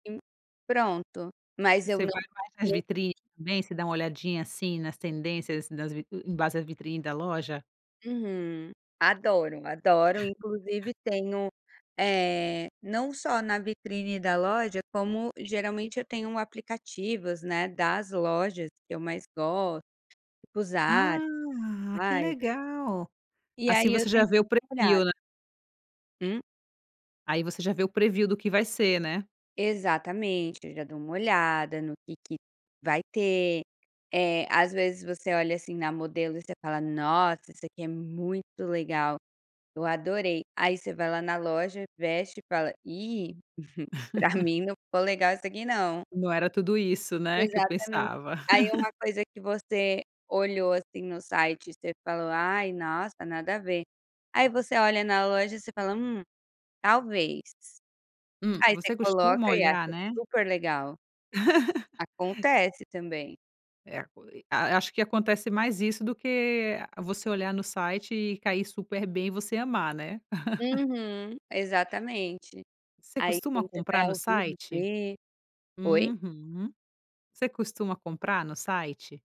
Sim, pronto, mas eu Você não. vai mais nas vitrines, [unintelligible] também? Você dá uma olhadinha, assim, nas tendências, nas vitri em base da vitrine da loja? Uhum, adoro, adoro e inclusive tenho, eh, não só na vitrine da loja, como geralmente eu tenho um aplicativos, né, das lojas que eu mais gosto, tipo, Zara, Ah, que Levi's legal, e assim aí eu você já sempre vê o dou uma preview, olhada. né. Hum? Aí você já vê o preview do que vai ser, né? Exatamente, aí eu já dou uma olhada no que que vai ter, eh, às vezes, você olha assim na modelo e você fala: "Nossa, isso aqui é muito legal, eu adorei". Aí você vai lá na loja, veste e fala: "Ih, pra mim não ficou legal isso aqui não". Não era tudo isso, né, que eu Exatamente. pensava. Aí uma coisa que você olhou, assim, no site e você falou: "Ai, nossa, nada a ver", aí você olha na loja, você fala: "Hum, talvez". Hum, Aí você você costuma coloca e acha olhar, né? super legal. Acontece também. É e aco e a acho que acontece mais isso do que você olhar no site e cair super bem e você amar, né. Uhum, exatamente. Você Aí costuma quando você vai comprar no ao vivo site? ver Oi? Uhum. Você costuma comprar no site?